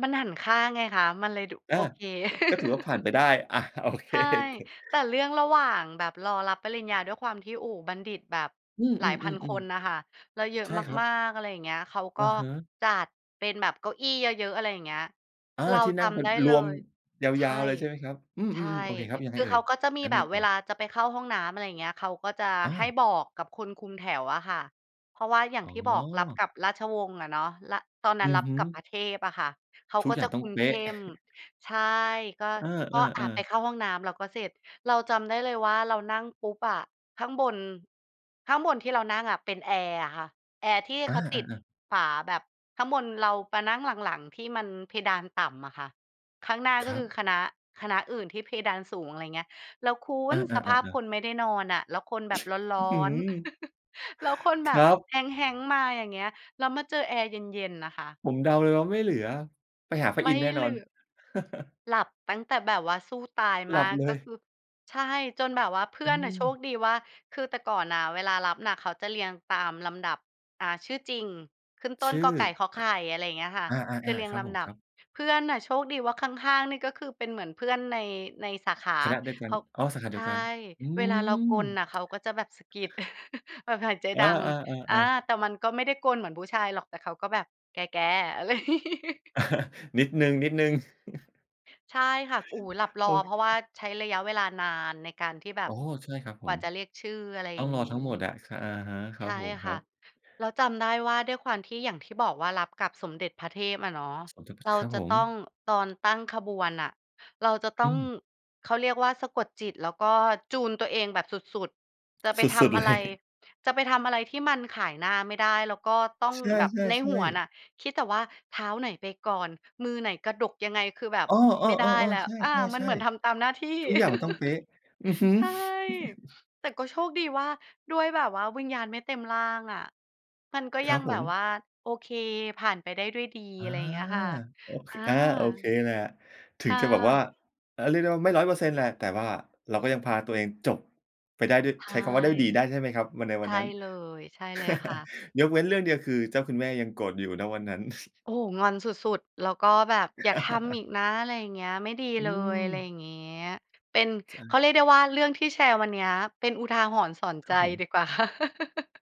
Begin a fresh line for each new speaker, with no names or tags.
มันหันข้างไงคะ มันเลยดุ
อา
โอเค
ก็ถือว่าผ่านไปได้ อา โอเค
ใช่
ถ
แต่เรื่องระหว่างแบบรอรับปริญญาด้วยความที่ โอ้โฮ บัณฑิตแบบ
อืม
หลายพันค
ๆ
นน่ะ
ๆ
ค่ะ แล้วเยอ
ๆ
ะ
ใช่ครั
มา
บ
ก ๆ อะไรอย่างเงี้ย เขาก
อ
็
ะฮะ
จัดเป็นแบบเก้าอี้เยอะ ๆ อะไรอย่างเงี้ย
อา
เรา
ที่
จ
นั่งเป็
ำไ
น
ด้
ร
เล
วม
ย
ย
ใช
า
่
ว ๆ เลยใช่ไหมครับ? อือ
ใช่
ๆ ๆ โอเคครับ ยังไ
ค
ง
ือ
เอ่
เข
ย?
าก็จะมี
แล้ว
แบ
ไง
บ
ต
เว
่อ?
ลาจะไปเข้าห้องน้ำ อะไรอย่างเงี้ย เขาก็จะ
อ๋
ให้
อ
บอกกับคนคุมแถวอะค่ะ เพราะว่าอย่าง
อ๋อ
ที่บอก รับกับราชวงศ์อะเนาะ ร ตอนนั
อ
้น
ื
ร
อ
ับ
ฮึ
กับพระเทพอะค่ะ เขา
ทุ
ก
ก
็
อย่
จ
า
ะ
ง
ค
ต้อ
ุ
ง
ม
เป
เข
๊ะ
้ม ใช่ ก็
เอ
ก็ อ
อ
า ไป
ๆ ๆ
เข้าห้องน้ำแล้วก็เสร็จ เราจำได้เลยว่าเรานั่งปุ๊บอะ ข้างบน ข้างบนที่เรานั่งอะเป็นแอร์อะค่ะ แอร์ที่
อ
เขาติด
า ๆ ๆ
ฝาแบบข้างบนเรามานั่งหลัง ๆ ที่มันเพดานต่ำอะค่ะ ข้างหน้า
ค
ก็
รั
คือ
บ
คณะ คณะอื่นที่เพดานสูง อะไรอย่างเงี้ย แล้วคุ
อา
ณสภาพ
ๆ ๆ
ค
ๆ
นไม่ได้นอนอะ แล้วคนแบบร้
อ
อ
ือฮึ
น ๆ แล้วคนแบ
คร
บ
ับ
แฮง ๆ มาอย่างเงี้ย แล้วมาเจอแอร์เย็น ๆ น่ะค่ะ
ผมเดาเลยว่า ไม่เหลือไปหาพระ
ไม
อิน
่
ทร์แน่น
เห
อ
ล
น
ือก หลับตั้งแต่แบบว่าสู้ตาย
หล
ม
ับ
าก
เล
ก็
ย
คือ ใช่ จนแบบว่า เพื
อ
่
ื
อนน่ะโช
ม
คดีว่า คือแต่ก่อนน่ะ เวลารับน่ะ เขาจะเรียงตามลำดับ อ่า ชื่อจริง ขึ้นต
ช
้น
ื่
ก.
อ
ไก่ ข. ไข่ อะไรอย่างเงี้ยค่ะ
อ อะ
ค
อ
ือ
า
เร
ๆ
ีย
ๆ ค
ง
รับ
ล
ผม
ำด
ค
ับ
รับ
เพื่อนน่ะโชคดีว่าข้าง ๆ นี่ก็คือเป็นเหมือนเพื่อนใน ในสาขา
คณะด้วยกั
เข
น
า
อ๋อ สาขาเ
ใ
ดี
ช
ยว
่
กัน อื
เวลาเรา
ม
กรนน่ะเขาก็จะแบบสะกิด แบบหายใจ
อา
ดัง อา
ๆ ๆ ๆ
แต่มันก็ไม่ได้กรนเหมือนผู้ชายหรอกแต่เขาก็แบบ "แก ๆ" อะไร
นิดหนึ่ง นิดหนึ่ง
ใช่ค่ะ โอ้โฮ หลับร
โอ
อ เพราะว่า
้
ใช้ระยะเวลานานในการที่แบ
อ
บ
๋อ ใช่ครับผ
กว่า
ม
จะเรียกชื่อ อะไร
ต
อ
้
ย
อ
่
ง
าง
รอ
งี
ทั
้
้งหมดอะ อะฮะ ค
ใ
ร
ช
ับ
่
ผมค
ค
ร
่
ั
ะ
บ
แล้วจำได้ว่า ด้วยความที่อย่างที่บอกว่ารับกับสมเด็จพระเทพอะเนาะ เรา
ครับ
จ
ผ
ะต
ม
้อง ตอนตั้งขบวนน่ะ เราจะต้
อ
อ
ื
ง
ม
เขาเรียกว่าสะกดจิต แล้วก็จูนตัวเองแบบสุด ๆ จะไป
ส
ท
ุด ๆ
ำ
เ
อ
ล
ะไร
ย
จะไปทำอะไรที่มันขายหน้าไม่ได้ แล้วก็ต้อง
ใช
แบบในห
่
ัว
ๆ
น
ๆ
่ะ คิดแต่ว่าเท้าไหนไปก่อน มือไหนกระดกยังไง คือแบบ
อ๋อ
ไม่ได้แ
ๆ
ล้
ๆ ๆ ใ
ว
ช
อา มัน
่
เหมือนท
ๆ
ำตามหน้าที่
ๆ ทุกอย่างมันต้องเป๊ะ อือฮึ
ใช่ แต่ก็โชคดีว่า ด้วยแบบว่าวิญญาณไม่เต็มร่างอะ มันก็
ค
ย
ร
ั
ั
ง
บผ
แบบ
ม
ว่า โอเค ผ่านไปได้ด้วยดี
อา
อะไรอย่างเงี้ยค่ะ
โอ ค
อา
อา โอเคแหละ ถ
ค
ึง
่
จะแบบว่า
ะ
อา เรียกได้ว่าไม่ 100% แหละ แต่ว่าเราก็ยังพาตัวเองจบไปได้ด้วย
ใช
ใช้
่
คำว่าได้ดี ได้ใช่ไหมครับวันใน
ใช
วัน
่
นั้น?
เลย ใช่เลยค่ะ
ยกเว้นเรื่องเดียว คือเจ้าคุณแม่ยังโกรธอยู่ ณ วันนั้น
โอ้โฮ งอนสุด ๆ แล้วก็แบบ อย่าทำอีกนะ อะไรอย่างเงี้ย ไม่ดี
อื
เลย อะไรอย่
ม
างเงี้ย เป็น
ใ
เขา
จ
เรียกได้ว่า เรื่องที่แชร์วันนี้ เป็นอุทาหรณ์สอน
ค
ใ
ร
จ
ับผม
ดีกว่า ค่ะ